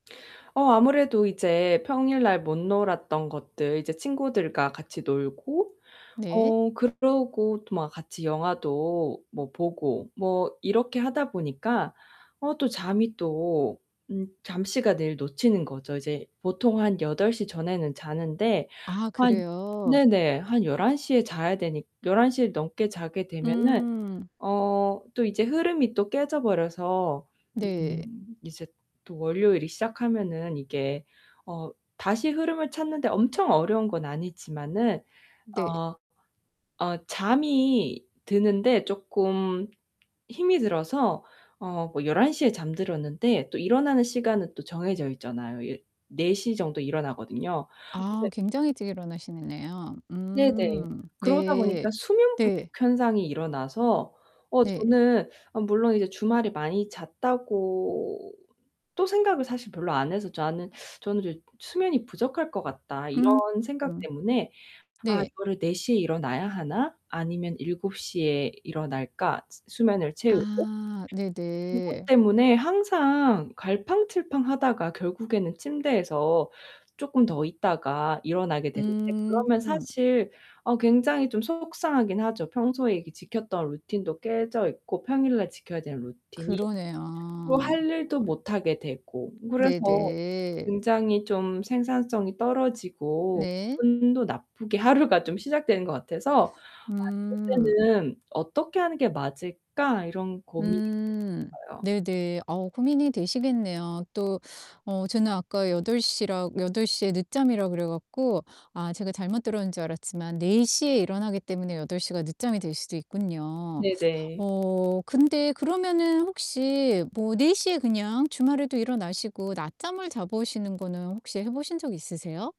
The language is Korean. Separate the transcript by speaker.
Speaker 1: 어 아무래도 이제 평일날 못 놀았던 것들 이제 친구들과 같이 놀고
Speaker 2: 네.
Speaker 1: 어 그러고 또 막 같이 영화도 뭐 보고 뭐 이렇게 하다 보니까 어 또 잠이 또 음 잠시간 늘 놓치는 거죠. 이제 보통 한 8:00 전에는 자는데
Speaker 2: 아
Speaker 1: 한
Speaker 2: 그래요?
Speaker 1: 네네 한 11:00 에 자야 되니 11:00 에 넘게 자게 되면은
Speaker 2: 음.
Speaker 1: 어 또 이제 흐름이 또 깨져 버려서
Speaker 2: 네.
Speaker 1: 음 이제 또 월요일이 시작하면은 이게 어 다시 흐름을 찾는데 엄청 어려운 건 아니지만은
Speaker 2: 네.
Speaker 1: 어 어 잠이 드는데 쪼끔 힘이 들어서 어 뭐 11:00 에 잠들었는데 또 일어나는 시간은 또 정해져 있잖아요. 예 16:00 정도에 일어나거든요. 이제
Speaker 2: 아 굉장히 일찍 일어나시는 네요.
Speaker 1: 네네.
Speaker 2: 음
Speaker 1: 그러다 보니까
Speaker 2: 네.
Speaker 1: 수면 부족
Speaker 2: 네.
Speaker 1: 현상이 일어나서 어
Speaker 2: 네.
Speaker 1: 저는 아 물론 이제 주말에 많이 잤다고 또 생각을 사실 별로 안 해서 나는 저는 이제 '수면이 부족할 것 같다.'
Speaker 2: 음.
Speaker 1: 이런 생각 때문에 '아
Speaker 2: 네.
Speaker 1: 이거를 4:00 에 일어나야 하나? 아니면 7:00 에 일어날까? 수 수면을 채우고.'
Speaker 2: 아,
Speaker 1: 그것
Speaker 2: 네네.
Speaker 1: 때문에 항상 갈팡질팡하다가 결국에는 침대에서 쪼끔 더 있다가 일어나게 되는데 그러면
Speaker 2: 음.
Speaker 1: 사실 어 굉장히 좀 속상하긴 하죠. 평소에 이렇게 지켰던 루틴도 깨져 있고 평일날 지켜야 되는 루틴이. 또
Speaker 2: 그러네요.
Speaker 1: 할 일도 못 하게 되고 그래서
Speaker 2: 네네.
Speaker 1: 굉장히 좀 생산성이 떨어지고
Speaker 2: 네.
Speaker 1: 기분도 나쁘게 하루가 좀 시작되는 것 같아서' 아 이럴
Speaker 2: 음.
Speaker 1: 때는 어떻게 하는 게 맞을까.' 이런 고민이 좀
Speaker 2: 음.
Speaker 1: 있어요.
Speaker 2: 네네. 어 고민이 되시겠네요. 또 어 저는 아까 8:00 라 8:00 에 늦잠이라 그래 갖고 아 제가 잘못 들었는 줄 알았지만 4:00 에 일어나기 때문에 8:00 가 늦잠이 될 수도 있군요.
Speaker 1: 네네.
Speaker 2: 어 근데 그러면은 혹시 뭐 4:00 에 그냥 주말에도 일어나시고 낮잠을 자보시는 거는 혹시 해 보신 적 있으세요?